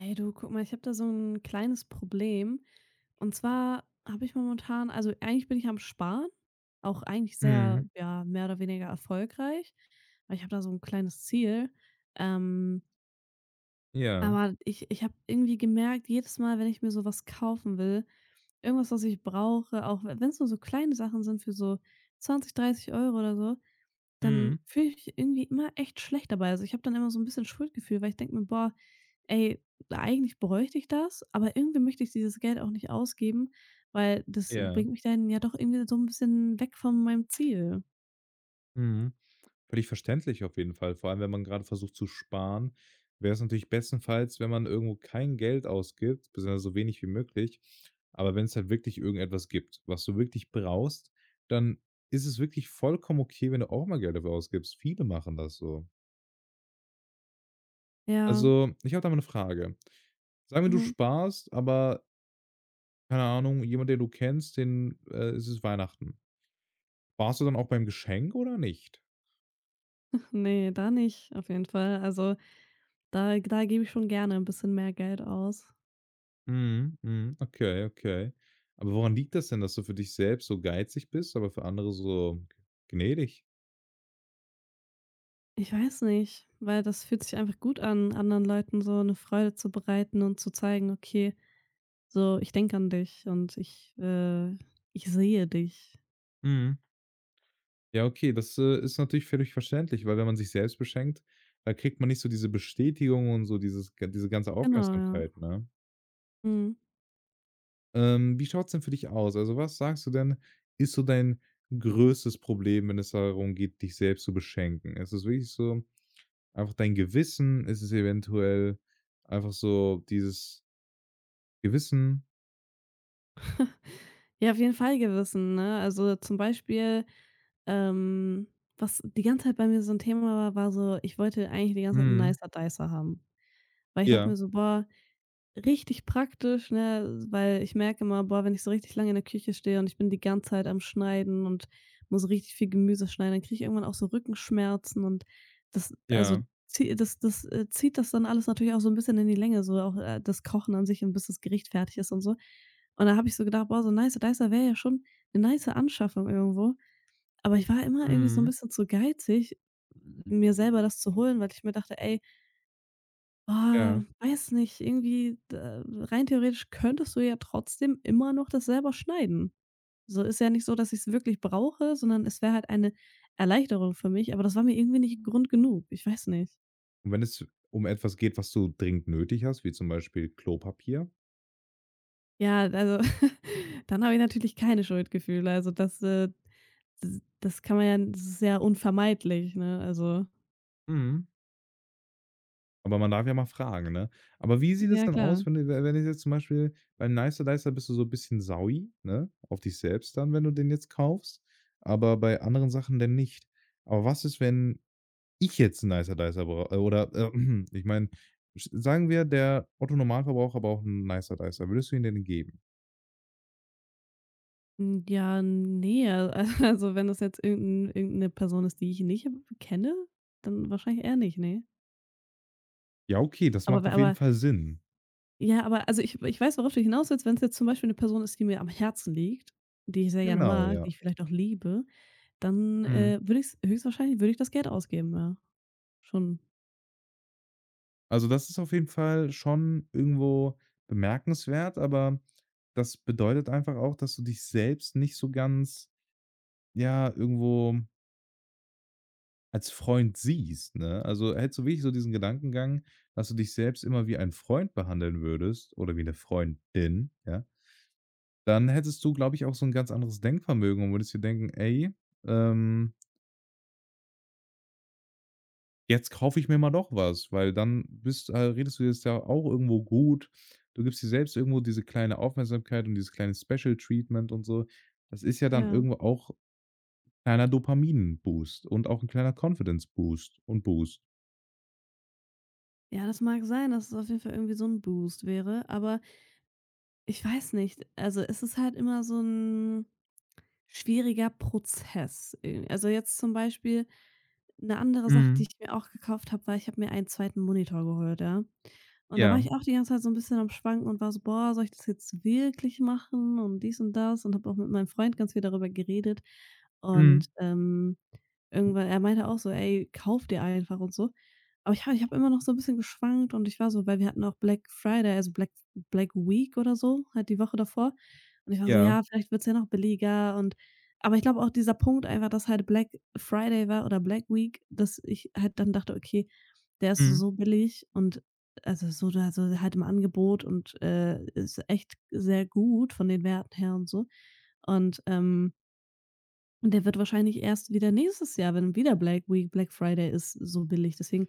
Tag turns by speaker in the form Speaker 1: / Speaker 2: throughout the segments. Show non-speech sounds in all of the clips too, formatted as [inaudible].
Speaker 1: Hey, du, guck mal, ich habe da so 'n kleines Problem. Und zwar habe ich momentan also, eigentlich bin ich am Sparen auch eigentlich sehr,
Speaker 2: Mhm.
Speaker 1: ja, mehr oder weniger erfolgreich, weil ich habe da so 'n kleines Ziel, ähm.
Speaker 2: Ja.
Speaker 1: Aber ich ich habe irgendwie gemerkt, jedes Mal, wenn ich mir sowas kaufen will, irgendwas, was ich brauche, auch we wenn es nur so kleine Sachen sind, für so 20, 30 € oder so, dann
Speaker 2: Mhm.
Speaker 1: fühle ich mich irgendwie immer echt schlecht dabei. Also, ich habe dann immer so 'n bisschen Schuldgefühle, weil ich denke mir „Boah ey, eigentlich bräuchte ich das, aber irgendwie möchte ich dieses Geld auch nicht ausgeben, weil das
Speaker 2: Ja.
Speaker 1: bringt mich dann ja doch irgendwie so 'n bisschen weg von meinem Ziel.“
Speaker 2: Mhm. Völlig verständlich auf jeden Fall, vor allem, wenn man gerade versucht zu sparen, wäre es natürlich bestenfalls, wenn man irgendwo kein Geld ausgibt, beziehungsweise so wenig wie möglich. Aber wenn es halt wirklich irgendetwas gibt, was du wirklich brauchst, dann ist es wirklich vollkommen okay, wenn du auch mal Geld dafür ausgibst. Viele machen das so.
Speaker 1: Ja.
Speaker 2: Also, ich habe da mal 'ne Frage. Sagen wir, du
Speaker 1: Mhm.
Speaker 2: sparst, aber Keine Ahnung, jemand, der du kennst, den äh, es ist Weihnachten. Sparst du dann auch beim Geschenk oder nicht?
Speaker 1: [chuckles] Ne, da nicht, auf jeden Fall. Also, da g da gebe ich schon gerne 'n bisschen mehr Geld aus.
Speaker 2: Mhm. Mhm. Okay, okay. Aber woran liegt das denn, dass du für dich selbst so geizig bist, aber für andere so gnädig?
Speaker 1: Ich weiß nicht, weil das fühlt sich einfach gut an, anderen Leuten so 'ne Freude zu bereiten und zu zeigen: „Okay, so ich denke an dich und ich, äh, ich sehe dich.“
Speaker 2: Mhm. Ja, okay, das, äh, ist natürlich völlig verständlich, weil wenn man sich selbst beschenkt, da kriegt man nicht so diese Bestätigung und so dieses g diese ganze
Speaker 1: Genau, ja.
Speaker 2: Aufmerksamkeit, ne?
Speaker 1: Mhm.
Speaker 2: Ähm, wie schaut's denn für dich aus? Also, was sagst du denn, ist so dein größtes Problem, wenn es darum geht, dich selbst zu beschenken? Ist es wirklich so einfach dein Gewissen, ist es eventuell einfach so dieses Gewissen?
Speaker 1: [snorts] Ja, auf jeden Fall Gewissen, ne? Also, zum Beispiel, ähm, was die ganze Zeit bei mir so 'n Thema war, war so, ich wollte eigentlich die ganze Zeit 'n
Speaker 2: Mhm.
Speaker 1: Nicer Dicer haben, weil ich dachte
Speaker 2: Ja.
Speaker 1: mir so: „Boah, richtig praktisch“, ne? Weil ich merke immer: „Boah, wenn ich so richtig lange in der Küche stehe und ich bin die ganze Zeit am Schneiden und muss richtig viel Gemüse schneiden, dann kriege ich irgendwann auch so Rückenschmerzen“ und das, also,
Speaker 2: Ja.
Speaker 1: zie das das, äh, zieht das dann alles natürlich auch so 'n bisschen in die Länge, so auch, äh, das Kochen an sich und bis das Gericht fertig ist und so. Und dann habe ich so gedacht: „Boah, so 'n Nicer Dicer wäre ja schon 'ne nice Anschaffung irgendwo.“ Aber ich war immer irgendwie so 'n
Speaker 2: Mhm.
Speaker 1: bisschen zu geizig, mir selber das zu holen, weil ich mir dachte: „Ey“ „oh,
Speaker 2: Ja.
Speaker 1: weiß nicht. Irgendwie, äh, rein theoretisch könntest du ja trotzdem immer noch das selber schneiden“. So ist ja nicht so, dass ich's wirklich brauche, sondern es wäre halt eine Erleichterung für mich, aber das war mir irgendwie nicht 'n Grund genug. Ich weiß nicht.
Speaker 2: Und wenn es um etwas geht, was du dringend nötig hast, wie zum Beispiel Klopapier?
Speaker 1: Ja, d also, [snorts] dann habe ich natürlich keine Schuldgefühle, also, das, äh, d das kann man ja das ist ja unvermeidlich, ne? Also
Speaker 2: Mhm. Aber man darf ja mal fragen, ne? Aber wie sieht es
Speaker 1: Ja,
Speaker 2: denn aus,
Speaker 1: klar.
Speaker 2: wenn du we wenn du jetzt zum Beispiel beim Nicer Dicer bist du so 'n bisschen saui, ne, auf dich selbst dann, wenn du den jetzt kaufst. Aber bei anderen Sachen, dann nicht. Aber was ist, wenn ich jetzt 'n Nicer Dicer brau äh, oder [clears throat] ich meine, sch sagen wir, der Otto Normalverbraucher braucht 'n Nicer Dicer. Würdest du ihn denn geben?
Speaker 1: Hm, ja, ne. A also, wenn das jetzt irgend 'n irgend 'ne Person ist, die ich nicht, äh, kenne, dann wahrscheinlich eher nicht, ne.
Speaker 2: Ja, okay, das
Speaker 1: Aber
Speaker 2: macht
Speaker 1: bei
Speaker 2: auf jeden
Speaker 1: aber
Speaker 2: Fall Sinn.
Speaker 1: Ja, aber also, ich ich weiß, worauf du hinaus willst. Wenn's jetzt zum Beispiel 'ne Person ist, die mir am Herzen liegt, die ich sehr gerne
Speaker 2: Genau,
Speaker 1: mag,
Speaker 2: ja.
Speaker 1: die ich vielleicht auch liebe, dann,
Speaker 2: Mhm.
Speaker 1: äh, würde ich's höchstwahrscheinlich würde ich das Geld ausgeben. Ja, schon.
Speaker 2: Also, das ist auf jeden Fall schon irgendwo bemerkenswert. Aber das bedeutet einfach auch, dass du dich selbst nicht so ganz, ja, irgendwo als Freund siehst, ne? Also, hättest du wirklich so diesen Gedankengang, dass du dich selbst immer wie ein Freund behandeln würdest oder wie 'ne Freundin, ja dann hättest du, glaube ich, auch so 'n ganz anderes Denkvermögen und würdest dir denken: „Ey, ähm“ „Jetzt kaufe ich mir mal doch was“, weil dann bist äh, redest du dir es ja auch irgendwo gut. Du gibst dir selbst irgendwo diese kleine Aufmerksamkeit und dieses kleine Special Treatment und so. Das ist ja dann
Speaker 1: Ja.
Speaker 2: irgendwo auch kleiner Dopamin Boost und auch 'n kleiner Confidence-Boost und Boost.
Speaker 1: Ja, das mag sein, dass es auf jeden Fall irgendwie so 'n Boost wäre, aber ich weiß nicht. Also, es ist halt immer so 'n schwieriger Prozess i also, jetzt zum Beispiel 'ne andere Sache, die
Speaker 2: Mhm.
Speaker 1: ich mir auch gekauft habe, war ich habe mir einen 2. Monitor geholt, ja? Und da war
Speaker 2: Ja.
Speaker 1: ich auch die ganze Zeit so 'n bisschen am Schwanken und war so: „Boah, soll ich das jetzt wirklich machen?“ Und dies und das und habe auch mit meinem Freund ganz viel darüber geredet. Und,
Speaker 2: Mhm.
Speaker 1: ähm, irgendwann er meinte auch so: „Ey, kauf dir einfach“, und so. Aber ich habe ich habe immer noch so 'n bisschen geschwankt. Und ich war so weil wir hatten auch Black Friday, also, Black F Black Week oder so? Halt die Woche davor. Und ich war so:
Speaker 2: Ja.
Speaker 1: „Ja, vielleicht wird's ja noch billiger“, und aber ich glaube auch dieser Punkt einfach, dass halt Black Friday war oder Black Week dass ich halt dann dachte: „Okay, der ist
Speaker 2: Mhm.
Speaker 1: so billig.“ Und also, so oder so halt im Angebot. Und, äh, ist echt sehr gut von den Werten her und so. Und, ähm Und der wird wahrscheinlich erst wieder nächstes Jahr, wenn wieder Black Week, Black Friday ist so billig. Deswegen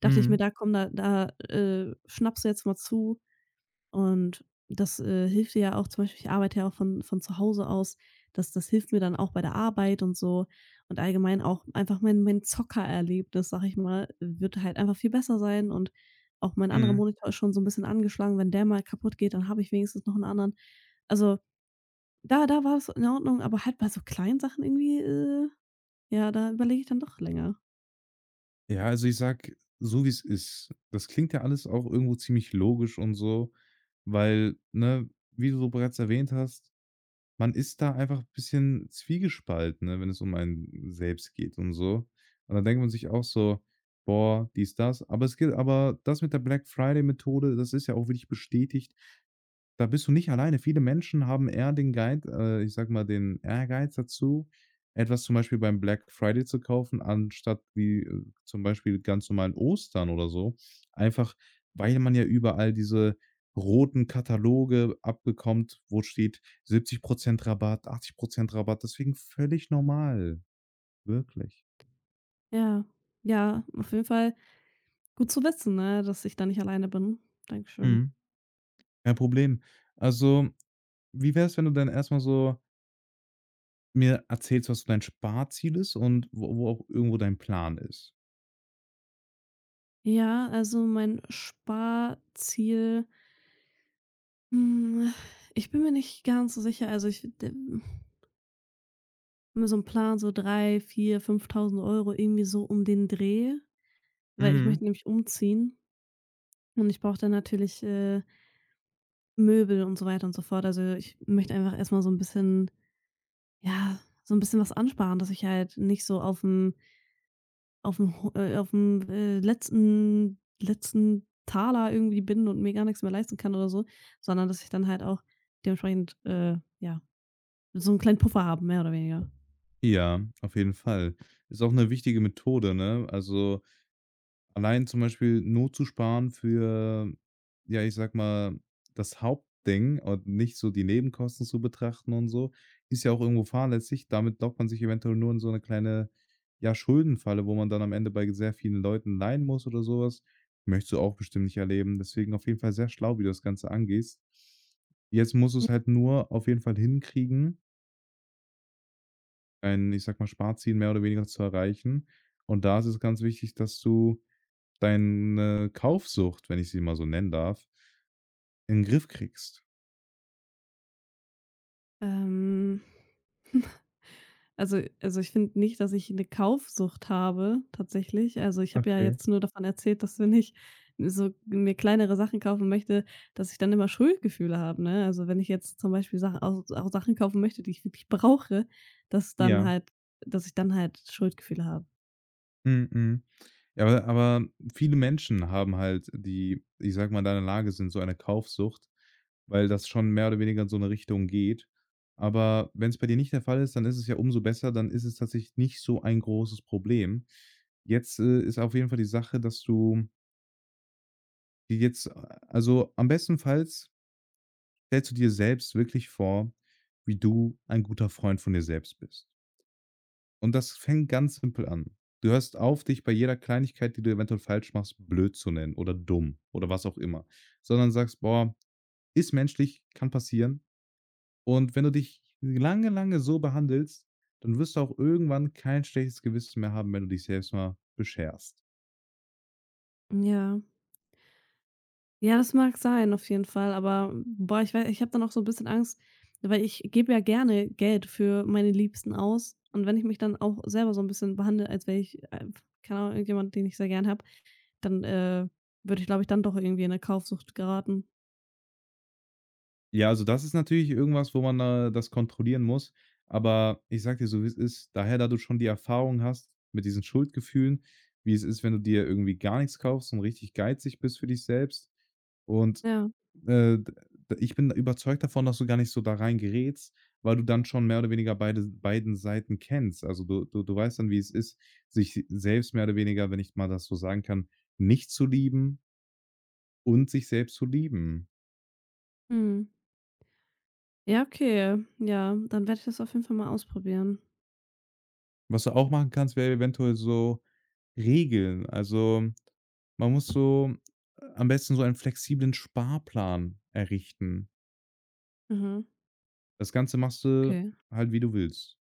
Speaker 1: dachte ich mir:
Speaker 2: Mhm.
Speaker 1: „Da komm da da, äh, schnappst du jetzt mal zu. Und das, äh, hilft dir ja auch“, zum Beispiel ich arbeite ja auch von von zu Hause aus. Das das hilft mir dann auch bei der Arbeit und so. Und allgemein auch einfach mein mein Zocker-Erlebnis, sage ich mal, wird halt einfach viel besser sein. Und auch mein anderer
Speaker 2: Mhm.
Speaker 1: Monitor ist schon so 'n bisschen angeschlagen. Wenn der mal kaputt geht, dann habe ich wenigstens noch 'n anderen. Also, da da war es in Ordnung. Aber halt bei so kleinen Sachen irgendwie, äh, ja, da überlege ich dann doch länger.
Speaker 2: Ja, also, ich sage so, wie es ist. Das klingt ja alles auch irgendwo ziemlich logisch und so, weil, ne, wie du so bereits erwähnt hast: „Man ist da einfach bisschen zwiegespalten, ne, wenn es um einen selbst geht und so.“ Und dann denkt man sich auch so: „Boah, dies das.“ Aber es geht aber das mit der Black Friday-Methode, das ist ja auch wirklich bestätigt. Da bist du nicht alleine. Viele Menschen haben eher den Guide äh, ich sage mal, den Ehrgeiz dazu, etwas zum Beispiel beim Black Friday zu kaufen, anstatt wie, äh, zum Beispiel ganz normal an Ostern oder so, einfach, weil man ja überall diese roten Kataloge abbekommt, wo steht: „70 % Rabatt, 80 % Rabatt.“ Deswegen, völlig normal. Wirklich.
Speaker 1: Ja, ja, auf jeden Fall. Gut zu wissen, ne, dass ich da nicht alleine bin. Danke schön.
Speaker 2: Mhm. Kein Problem. Also, wie wäre es, wenn du dann erstmal so Mir erzählst du, was so dein Sparziel ist und wo wo auch irgendwo dein Plan ist.
Speaker 1: Ja, also, mein Sparziel hm. Ich bin mir nicht ganz so sicher. Also, ich, d [exhales] nur so 'n Plan, so 3, 4, 5.000 € irgendwie so um den Dreh, weil ich
Speaker 2: Mhm.
Speaker 1: möchte nämlich umziehen. Und ich brauche dann natürlich, äh Möbel und so weiter und so fort. Also, ich möchte einfach erstmal so 'n bisschen ja, so 'n bisschen was ansparen, dass ich halt nicht so auf'm auf'm Ho äh, auf'm, äh, letzten letzten Taler irgendwie bin und mir gar nix mehr leisten kann oder so, sondern, dass ich dann halt auch dementsprechend, äh, ja, so 'n kleinen Puffer habe, mehr oder weniger.
Speaker 2: Ja, auf jeden Fall. Ist auch 'ne wichtige Methode, ne? Also, allein zum Beispiel nur zu Sparen für ja, ich sag mal das Hauptding und nicht so die Nebenkosten zu betrachten und so, ist ja auch irgendwo fahrlässig. Damit lockt man sich eventuell nur in so 'ne kleine, ja, Schuldenfalle, wo man dann am Ende bei sehr vielen Leuten leihen muss oder sowas. Möchtest du auch bestimmt nicht erleben. Deswegen, auf jeden Fall sehr schlau, wie du das Ganze angehst. Jetzt musst
Speaker 1: [unintelligible]
Speaker 2: du's halt nur auf jeden Fall hinkriegen. ein, ich sage mal, Sparziel mehr oder weniger zu erreichen. Und da ist es ganz wichtig, dass du deine Kaufsucht, wenn ich sie mal so nennen darf in Griff kriegst.
Speaker 1: Ähm. [chuckles] Also also, ich finde nicht, dass ich 'ne Kaufsucht habe tatsächlich. Also, ich habe ja
Speaker 2: Okay.
Speaker 1: jetzt nur davon erzählt, dass wenn ich so mir kleinere Sachen kaufen möchte dass ich dann immer Schuldgefühle habe, ne? Also, wenn ich jetzt zum Beispiel Sachen auch auch Sachen kaufen möchte, die ich wirklich brauche, dass dann
Speaker 2: Ja.
Speaker 1: halt dass ich dann halt Schuldgefühle habe.
Speaker 2: Mhm, mhm. Ja, aber aber viele Menschen haben halt die, ich sage mal, in deiner Lage sind, so eine Kaufsucht, weil das schon mehr oder weniger in so 'ne Richtung geht. Aber wenn's bei dir nicht der Fall ist, dann ist es ja umso besser. Dann ist es tatsächlich nicht so ein großes Problem. Jetzt, äh, ist auf jeden Fall die Sache, dass du wie geht's a also, am bestenfalls stellst du dir selbst wirklich vor, wie du ein guter Freund von dir selbst bist. Und das fängt ganz simpel an. Du hörst auf, dich bei jeder Kleinigkeit, die du eventuell falsch machst, blöd zu nennen, oder dumm, oder was auch immer, sondern sagst: „Boah, ist menschlich, kann passieren.“ Und wenn du dich lange, lange so behandelst, dann wirst du auch irgendwann kein schlechtes Gewissen mehr haben, wenn du dich selbst mal bescherst.
Speaker 1: Ja. Ja, das mag sein, auf jeden Fall. Aber, boah, ich wei ich habe dann auch so 'n bisschen Angst, weil ich gebe ja gerne Geld für meine Liebsten aus. Und wenn ich mich dann auch selber so 'n bisschen behandle, als wäre ich, äh, keine Ahnung, irgendjemand, den ich sehr gern habe, dann, äh, würde ich, glaube ich, dann doch irgendwie in 'ne Kaufsucht geraten.
Speaker 2: Ja. Also, das ist natürlich irgendwas, wo man da das kontrollieren muss. Aber ich sage dir so, wie es ist. Daher, da du schon die Erfahrung hast mit diesen Schuldgefühlen, wie es ist, wenn du dir irgendwie gar nix kaufst und richtig geizig bist für dich selbst. Und,
Speaker 1: Ja.
Speaker 2: äh, d de ich bin überzeugt davon, dass du gar nicht so da rein gerätst, weil du dann schon mehr oder weniger beide beiden Seiten kennst. Also, du du du weißt dann, wie es ist, sich selbst mehr oder weniger, wenn ich mal das so sagen kann, nicht zu lieben und sich selbst zu lieben.
Speaker 1: Mhm. Ja, okay. Ja, ja. Dann werde ich das auf jeden Fall mal ausprobieren.
Speaker 2: Was du auch machen kannst, wär eventuell so Regeln. Also, man muss so am besten so einen flexiblen Sparplan errichten.
Speaker 1: Mhm.
Speaker 2: Das Ganze machst du
Speaker 1: Okay.
Speaker 2: halt, wie du willst.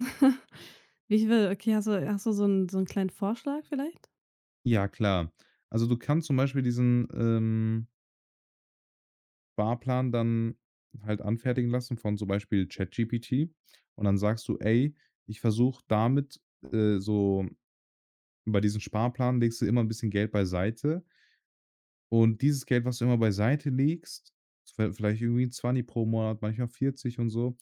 Speaker 1: [chuckles] Wie ich will. Okay, hast du hast du so 'n so 'n kleinen Vorschlag, vielleicht?
Speaker 2: Ja, klar. Also, du kannst zum Beispiel diesen, ähm Sparplan dann halt anfertigen lassen von zum Beispiel ChatGPT. Und dann sagst du: „Ey, ich versuche damit, äh, so“ Bei diesem Sparplan legst du immer 'n bisschen Geld beiseite. Und dieses Geld, was du immer beiseite legst, viel vielleicht irgendwie 'n Zwanni pro Monat, manchmal 40 und so.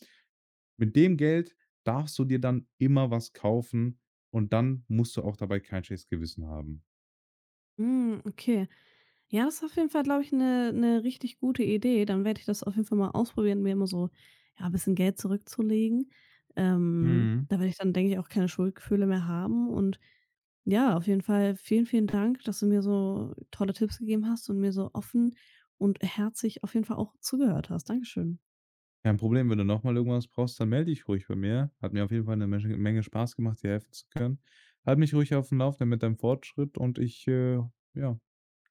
Speaker 2: Mit dem Geld darfst du dir dann immer was kaufen, und dann musst du auch dabei kein schlechtes Gewissen haben.
Speaker 1: Hm, okay. Ja, das ist auf jeden Fall, glaube ich, 'ne 'ne richtig gute Idee. Dann werde ich das auf jeden Fall mal ausprobieren, mir immer so, ja, bisschen Geld zurückzulegen. Ähm,
Speaker 2: Mhm.
Speaker 1: da werde ich dann, denke ich, auch keine Schuldgefühle mehr haben. Und ja, auf jeden Fall vielen, vielen Dank, dass du mir so tolle Tipps gegeben hast und mir so offen und herzlich auf jeden Fall auch zugehört hast. Dankeschön.
Speaker 2: Kein Problem. Wenn du nochmal irgendwas brauchst, dann melde dich ruhig bei mir. Hat mir auf jeden Fall 'ne mesche Menge Spaß gemacht, dir helfen zu können. Halt mich ruhig auf’m Lauf dann mit deinem Fortschritt und ich, äh ja.